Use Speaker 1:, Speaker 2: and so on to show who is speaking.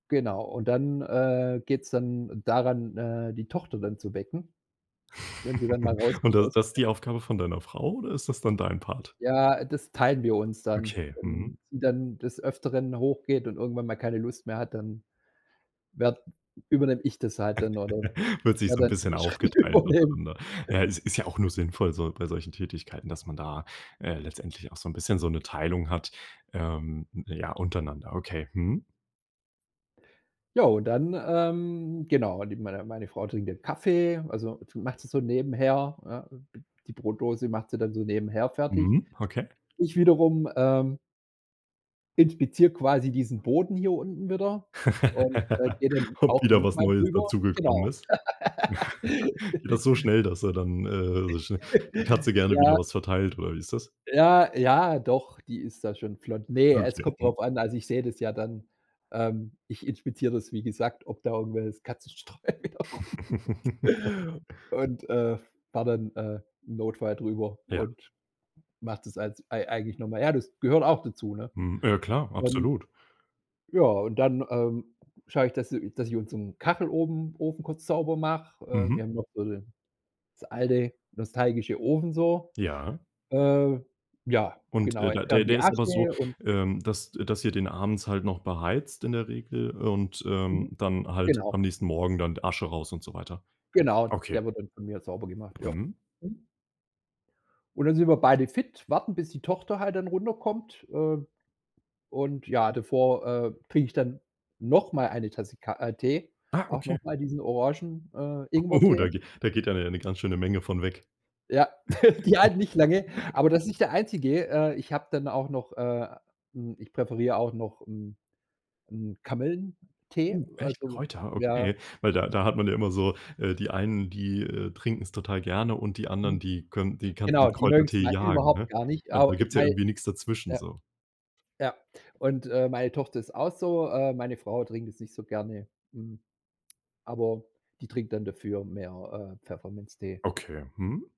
Speaker 1: Genau. Und dann, äh, geht's dann daran, äh, die Tochter dann zu wecken, wenn sie dann mal
Speaker 2: Und
Speaker 1: rauskommt
Speaker 2: das
Speaker 1: aus dem
Speaker 2: das ist
Speaker 1: Bett.
Speaker 2: die Aufgabe von deiner Frau, oder ist das dann dein Part?
Speaker 1: Ja, das teilen wir uns dann.
Speaker 2: Okay. Mhm.
Speaker 1: Wenn sie dann des Öfteren hoch geht und irgendwann mal keine Lust mehr hat, dann werd übernehme ich das halt dann oder
Speaker 2: Wird sich
Speaker 1: werde
Speaker 2: so 'n
Speaker 1: dann
Speaker 2: bisschen
Speaker 1: die Schritte
Speaker 2: aufgeteilt
Speaker 1: übernehmen.
Speaker 2: untereinander. Ja, es ist ja auch nur sinnvoll so bei solchen Tätigkeiten, dass man da, äh, letztendlich auch so 'n bisschen so 'ne Teilung hat, ähm, ja, untereinander, okay. Mhm.
Speaker 1: Ja, und dann, ähm, genau, mit meiner meine Frau trinkt 'nen Kaffee, also macht sie so nebenher, ne? D die Brotdose macht sie dann so nebenher fertig.
Speaker 2: Mhm. Okay.
Speaker 1: Ich wiederum, ähm inspiziere quasi diesen Boden hier unten wieder und, äh, gehe dann
Speaker 2: Ob
Speaker 1: auch
Speaker 2: wieder
Speaker 1: noch
Speaker 2: was
Speaker 1: mal
Speaker 2: Neues
Speaker 1: rüber.
Speaker 2: dazugekommen
Speaker 1: Genau.
Speaker 2: ist? Geht das so schnell, dass er dann, äh so schnell die Katze gerne wieder
Speaker 1: Ja.
Speaker 2: was verteilt, oder wie ist das?
Speaker 1: Ja, ja, doch, die ist da schon flott. Ne, es
Speaker 2: Möglich.
Speaker 1: kommt
Speaker 2: Mhm.
Speaker 1: drauf an. Also ich sehe das ja dann, ähm, ich inspiziere das, wie gesagt, ob da irgendewelches Katzenstreu wieder rumliegt Und, äh, fahre dann, äh, im Notfall drüber
Speaker 2: Ja.
Speaker 1: und mach das als ei eigentlich noch mal. Ja, das gehört auch dazu, ne?
Speaker 2: Mhm. Ja, klar,
Speaker 1: Dann
Speaker 2: absolut.
Speaker 1: ja, und dann, ähm, schaue ich, dass i dass ich unseren Kacheloben Ofen kurz sauber mache. Ähm,
Speaker 2: Mhm.
Speaker 1: wir haben noch so 'ne das alte nostalgische Ofen so.
Speaker 2: Ja.
Speaker 1: Äh, ja.
Speaker 2: Und,
Speaker 1: Genau,
Speaker 2: äh, da der
Speaker 1: entferne die
Speaker 2: der ist aber so,
Speaker 1: Asche und
Speaker 2: ähm, dass dass ihr den abends halt noch beheizt in der Regel und, ähm,
Speaker 1: Mhm.
Speaker 2: dann halt
Speaker 1: Genau.
Speaker 2: am nächsten Morgen dann Asche raus und so weiter?
Speaker 1: Genau,
Speaker 2: Okay.
Speaker 1: der wird dann von mir sauber gemacht. Ja.
Speaker 2: Mhm.
Speaker 1: Mhm. Und dann sind wir beide fit, warten, bis die Tochter halt dann runterkommt. Ähm, und ja, davor, äh, trinke ich dann noch mal eine Tasse Ka äh, Tee,
Speaker 2: Ah,
Speaker 1: auch noch
Speaker 2: okay.
Speaker 1: mal diesen Orangen äh,
Speaker 2: Oh,
Speaker 1: Ingwertee.
Speaker 2: da ge da geht dann ja 'ne ganz schöne Menge von weg.
Speaker 1: Ja, die halten nicht lange, aber das ist nicht der Einzige. Äh, ich habe dann auch noch, äh hm, ich präferiere auch noch 'n 'n Kamillentee,
Speaker 2: Uh. Echt?
Speaker 1: also
Speaker 2: Kräuter?
Speaker 1: ja.
Speaker 2: Okay, weil da da hat man ja immer so äh, die einen, die, äh, trinken's total gerne und die anderen,
Speaker 1: Mhm.
Speaker 2: die könn die kannst du
Speaker 1: Genau,
Speaker 2: mit
Speaker 1: die mögen's
Speaker 2: Kräutertee
Speaker 1: mal
Speaker 2: jagen,
Speaker 1: überhaupt
Speaker 2: ne?
Speaker 1: gar nicht.
Speaker 2: Also
Speaker 1: A
Speaker 2: da gibt's ja
Speaker 1: weil
Speaker 2: irgendwie nix dazwischen
Speaker 1: Ja.
Speaker 2: so.
Speaker 1: Ja. Und, äh, meine Tochter ist auch so. Äh, meine Frau trinkt das nicht so gerne. Hm, aber die trinkt dann dafür mehr, äh, Pfefferminztee.
Speaker 2: Okay, mhm.